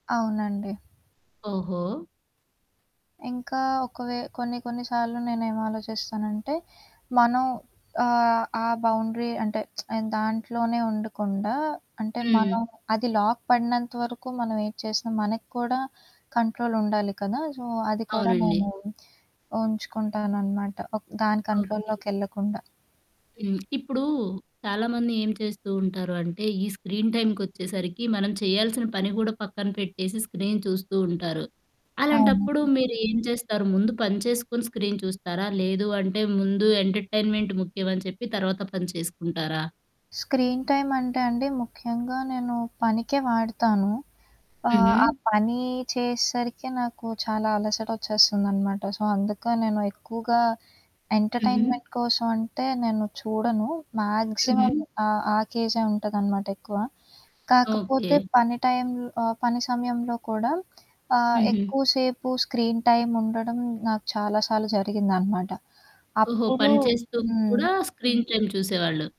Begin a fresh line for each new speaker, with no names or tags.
అవునండి.
ఓహో!
ఇంకా ఒక వే కొన్ని కొన్ని సార్లు నేనేమిలోచిస్తానంటే, మనం ఆహ్, ఆ బౌండరీ అంటే ఆ దాంట్లోనే ఉండకుండా, అంటే
హ్మ్.
మనం అది లాక్ పడినంత వరకు మనం ఎం చేసినా మనకి కూడా కంట్రోల్ ఉండాలి కదా! సో, అది కూడా
అవునండి.
నేను ఉంచుకుంటాననమాట. ఒక దాని
ఓకే.
కంట్రోల్‌లొకెళ్ళకుండా.
హ్మ్. ఇప్పుడు చాలామంది ఏం చేస్తూ ఉంటారు అంటే ఈ స్క్రీన్ టైమ్‌కొచ్చేసరికి మనం చేయాల్సిన పని కూడా పక్కన పెట్టేసి స్క్రీన్ చూస్తూ ఉంటారు. అలాంటప్పుడు
అవునండి.
మీరు ఏం చేస్తారు? ముందు పని చేసుకొని స్క్రీన్ చూస్తారా? లేదు అంటే ముందు ఎంటర్టైన్మెంట్ ముఖ్యం అని చెప్పి తర్వాత పని చేసుకుంటారా?
స్క్రీన్ టైమ్ అంటే అండి ముఖ్యంగా నేను పనికే వాడతాను. ఆహ్, ఆ
హుహు.
పని చేసేసరికే నాకు చాలా అలసట వచ్చేస్తుందనమాట. సో, అందుక నేను ఎక్కువగా
హుహు.
ఎంటర్టైన్మెంట్ కోసం అంటే నేను చూడను. మాక్సిమం
హుహు.
ఆహ్, ఆ కేజే ఉంటదనమాట ఎక్కువ. కాకపోతే
ఓకే.
పని టైంలో ఆహ్, పని సమయంలో కూడా, ఆహ్,
హుహు.
ఎక్కువసేపు స్క్రీన్ టైమ్ ఉండడం నాకు చాలా సార్లు జరిగిందనమాట.
ఓహో!
అప్పుడు
పని చేస్తూ
హ్మ్.
కూడా స్క్రీన్ టైమ్ చూసేవాళ్ళు.